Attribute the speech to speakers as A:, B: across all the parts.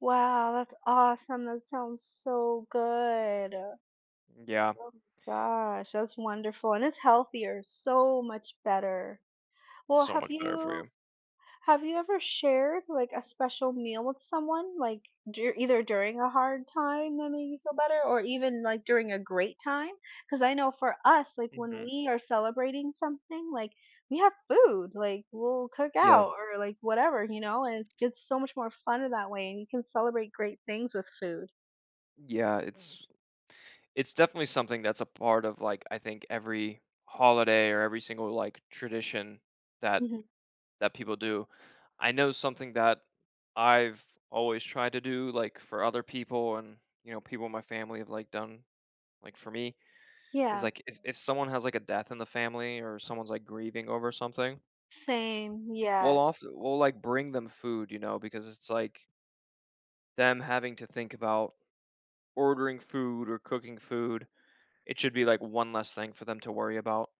A: Wow, that's awesome, that sounds so good. Oh,
B: Yeah.
A: my gosh, that's wonderful, and it's healthier, so much better. Well,
B: So
A: have
B: much better for
A: you
B: you.
A: Have you ever shared, like, a special meal with someone? Like, duri either during a hard time that made you feel better or even, like, during a great time? 'Cause I know for us, like, when
B: Mhm.
A: we are celebrating something, like, we have food, like, we'll cook
B: Yeah.
A: out or, like, whatever, you know, and it's it's so much more funner in that way and you can celebrate great things with food.
B: Yeah, its It's definitely something that's a part of, like, I think, every holiday or every single, like, tradition that
A: Mhm.
B: that people do. I know something that I've always tried to do, like, for other people and, you know, people in my family have, like, done, like, for me is,
A: Yeah.
B: like, if if someone has, like, a death in the family or someone's, like, grieving over something,
A: Same.
B: we'll
A: Yeah.
B: ofte we'll, like, bring them food, you know, because it's, like them having to think about ordering food or cooking food, it should be, like, one less thing for them to worry about.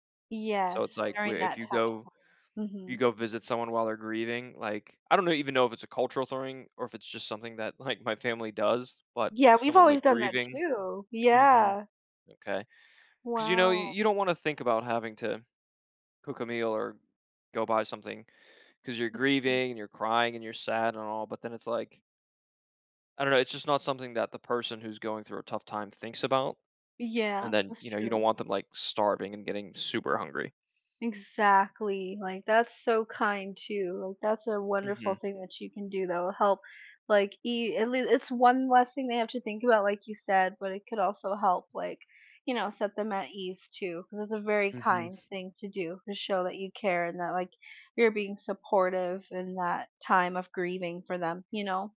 B: So,
A: Yes,
B: it's like,
A: during
B: we if
A: that
B: you
A: tough
B: go
A: time.
B: you
A: Mhm.
B: go visit someone while they're grieving, like I don't know. Even know if it's a cultural thing or if it's just something that, like, my family does, but
A: Yeah.
B: if
A: We've
B: someone's,
A: always
B: like,
A: done that,
B: grieving
A: too.
B: Mhm.
A: Yeah.
B: Okay. 'Cause, you know, you
A: Wow.
B: you don't wanna think about having to cook a meal or go buy something, 'cause you're
A: Makes sense.
B: grieving and you're crying and you're sad and all, but then it's like I don't know, it's just not something that the person who's going through a tough time thinks about, and
A: Yeah.
B: then,
A: That's
B: you know, you don't
A: true.
B: want them, like, starving and getting super hungry.
A: Exactly, like, that's so kind, too, like, that's a wonderful
B: Mhm.
A: thing that you can do that will help, like, i at least it's one less thing they have to think about, like you said, but it could also help, like, you know, set them at ease, too, 'cause it's a very kind
B: Mhm.
A: thing to do to show that you care and that, like, you're being supportive in that time of grieving for them, you know?